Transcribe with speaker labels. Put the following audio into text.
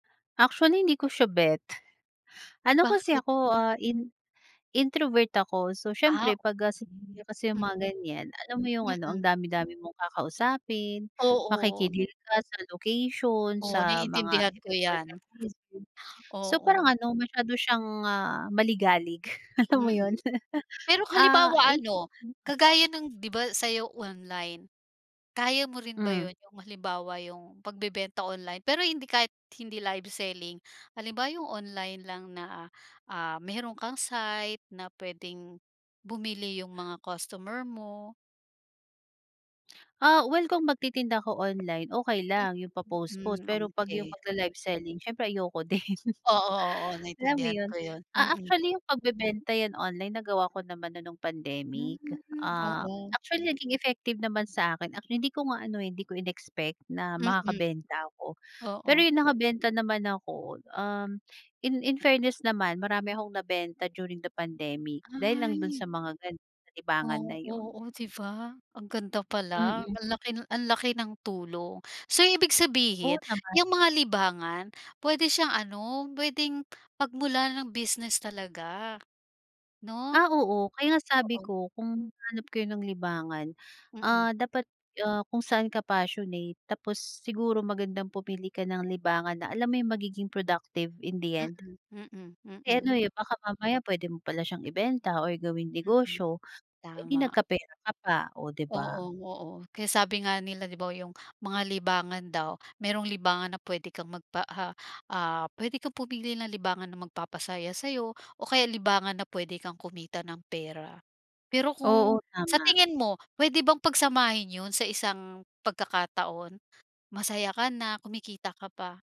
Speaker 1: Actually, hindi ko siya bet. Ano kasi
Speaker 2: Bakit?
Speaker 1: ako, ah, in introvert ako. So,
Speaker 2: Ah,
Speaker 1: siyempre 'pag gasi
Speaker 2: okey,
Speaker 1: pagka kasi yung mga
Speaker 2: mm,
Speaker 1: ganiyan, alam mo yung ano, ang
Speaker 2: mm.
Speaker 1: dami-dami mong kakausapin,
Speaker 2: Oo.
Speaker 1: makiki-deal ka sa location,
Speaker 2: Oh,
Speaker 1: sa mga
Speaker 2: naiintindihan ko
Speaker 1: event
Speaker 2: yan.
Speaker 1: organizer. So, parang
Speaker 2: Oo.
Speaker 1: ano, masyado siyang, ah, maligalig alam mo
Speaker 2: Mm,
Speaker 1: yun.
Speaker 2: pero kung
Speaker 1: Ah,
Speaker 2: halimbawa
Speaker 1: hindi.
Speaker 2: ano,
Speaker 1: [unintelligible]
Speaker 2: kagaya ng 'di ba sa'yo online, kaya mo rin ba
Speaker 1: Hmm.
Speaker 2: yun, yung halimbawa yung pagbebenta online? Pero hindi kahit hindi live selling. Halimbawa yung online lang na, ah, meron kang site na puwedeng bumili yung mga costumer mo?
Speaker 1: Ah, well kung magtitinda ako online, okey
Speaker 2: Mm,
Speaker 1: lang yung pa-post-post
Speaker 2: hmm,
Speaker 1: pero 'pag yung
Speaker 2: okey.
Speaker 1: magla-live selling siyempre ayoko din.
Speaker 2: Oo, oo,
Speaker 1: Alam mo
Speaker 2: naintindihan
Speaker 1: yun,
Speaker 2: ko yun,
Speaker 1: ah,
Speaker 2: mm.
Speaker 1: actually yung pagbebenta yan online nagawa ko naman na nung
Speaker 2: Hmm,
Speaker 1: pandemic. Ah,
Speaker 2: oo.
Speaker 1: actually naging effective naman sa'kin at hindi ko nga ano eh, hindi ko inexpect na
Speaker 2: Mm,
Speaker 1: makakabenta ako. Pero
Speaker 2: oo.
Speaker 1: yun nakabenta naman ako, um, in in fairness naman marami akong nabenta during the pandemic dahil lang dun sa
Speaker 2: Ay.
Speaker 1: mga ganun, libangan na
Speaker 2: Oo.
Speaker 1: yun.
Speaker 2: Oh, 'di ba, ang ganda pala,
Speaker 1: Mm.
Speaker 2: ang laki ang laki ng tulong. So, ibig
Speaker 1: Oo
Speaker 2: sabihin
Speaker 1: naman.
Speaker 2: yang mga libangan puwede siyang ano, puwedeng pagmulan ng business talaga, 'no?
Speaker 1: Ah, oo. Kaya nga sabi
Speaker 2: Oo.
Speaker 1: ko, kung hahanap kayo ng libangan,
Speaker 2: Mm.
Speaker 1: ah, dapat, ah, kung saan ka passionate. Tapos siguro magandang pumili ka ng libangan na alam mo yung magiging productive in the end.
Speaker 2: Mm, mm,
Speaker 1: Eh ano
Speaker 2: mm.
Speaker 1: eh, baka mamaya puwede mo pala siyang ibenta or gawing
Speaker 2: Mm,
Speaker 1: negosyo, eh di
Speaker 2: tama.
Speaker 1: nagkapera ka pa, oh 'di ba?
Speaker 2: Oo, oo. Kaya sabi nga nila 'di ba, yung mga libangan daw merong libangan na puwede kang magpa, ah, ah, puwede kang pumili ng libangan na magpapasaya sa'yo o kaya libangan na puwede kang kumita ng pera. Pero
Speaker 1: Oo,
Speaker 2: kung sa
Speaker 1: tama.
Speaker 2: tingin mo puwede bang pagsamahin yun sa isang pagkakataon, masaya ka na kumikita ka pa?